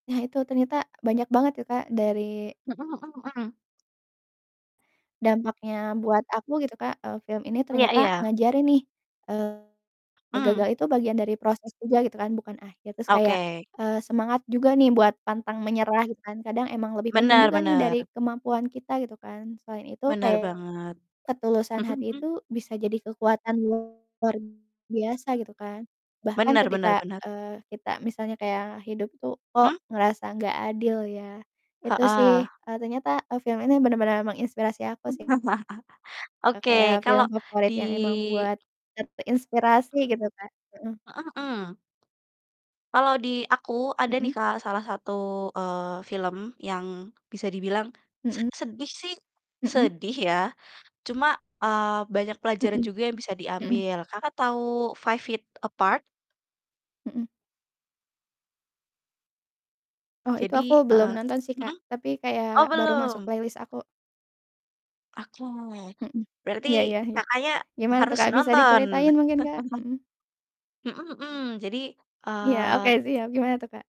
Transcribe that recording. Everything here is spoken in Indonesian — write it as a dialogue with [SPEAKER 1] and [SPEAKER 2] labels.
[SPEAKER 1] Nah itu ternyata banyak banget ya, Kak, dari
[SPEAKER 2] Mhm mhm mhm.
[SPEAKER 1] dampaknya buat aku gitu, Kak. Eee, film ini
[SPEAKER 2] Iya
[SPEAKER 1] ternyata
[SPEAKER 2] iya.
[SPEAKER 1] ngajarin nih, eee, gagal
[SPEAKER 2] Mmm.
[SPEAKER 1] itu bagian dari proses juga gitu kan, bukan akhir. Terus kayak,
[SPEAKER 2] Oke.
[SPEAKER 1] eee, semangat juga nih buat pantang menyerah gitu kan, kadang emang lebih penting
[SPEAKER 2] Benar
[SPEAKER 1] juga nih dari
[SPEAKER 2] benar.
[SPEAKER 1] kemampuan kita gitu kan. Selain itu
[SPEAKER 2] Benar
[SPEAKER 1] kayak
[SPEAKER 2] banget.
[SPEAKER 1] ketulusan
[SPEAKER 2] Mhm
[SPEAKER 1] hati
[SPEAKER 2] mhm.
[SPEAKER 1] itu bisa jadi kekuatan luar biasa gitu kan. Bahkan
[SPEAKER 2] Benar benar
[SPEAKER 1] ketika,
[SPEAKER 2] benar.
[SPEAKER 1] eee, kita misalnya kayak hidup itu, kok
[SPEAKER 2] Mmm?
[SPEAKER 1] ngerasa nggak adil ya, itu sih,
[SPEAKER 2] Heeh.
[SPEAKER 1] eee, ternyata, eee, film ini benar-benar menginspirasi aku sih. Eee,
[SPEAKER 2] Oke,
[SPEAKER 1] kayak film
[SPEAKER 2] kalau di
[SPEAKER 1] favorit yang emang buat ter terinspirasi gitu, Kak. Heeh.
[SPEAKER 2] Mhm mhm. Kalau di aku ada nih,
[SPEAKER 1] Mhm.
[SPEAKER 2] Kak, salah satu, eee, film yang bisa dibilang sed
[SPEAKER 1] Mhm.
[SPEAKER 2] sedih sih,
[SPEAKER 1] Mhm.
[SPEAKER 2] sedih ya, cuma, eee, banyak pelajaran
[SPEAKER 1] Mhm.
[SPEAKER 2] juga yang bisa
[SPEAKER 1] Mhm.
[SPEAKER 2] diambil. Kakak tahu Five Feet Apart?
[SPEAKER 1] Mhm. Oh itu
[SPEAKER 2] Jadi,
[SPEAKER 1] aku
[SPEAKER 2] eee
[SPEAKER 1] belum nonton sih, Kak,
[SPEAKER 2] mhm?
[SPEAKER 1] tapi
[SPEAKER 2] Oh
[SPEAKER 1] kayak baru masuk
[SPEAKER 2] belum.
[SPEAKER 1] playlist aku.
[SPEAKER 2] Oke,
[SPEAKER 1] Mhm.
[SPEAKER 2] berarti
[SPEAKER 1] Iya iya iya.
[SPEAKER 2] Kakaknya
[SPEAKER 1] Gimana tuh,
[SPEAKER 2] harus
[SPEAKER 1] Kak, bisa
[SPEAKER 2] nonton.
[SPEAKER 1] diceritain mungkin, Kak? Mhm.
[SPEAKER 2] Mhm mhm. Jadi,
[SPEAKER 1] Iya, oke
[SPEAKER 2] eee
[SPEAKER 1] siap. Gimana tuh, Kak?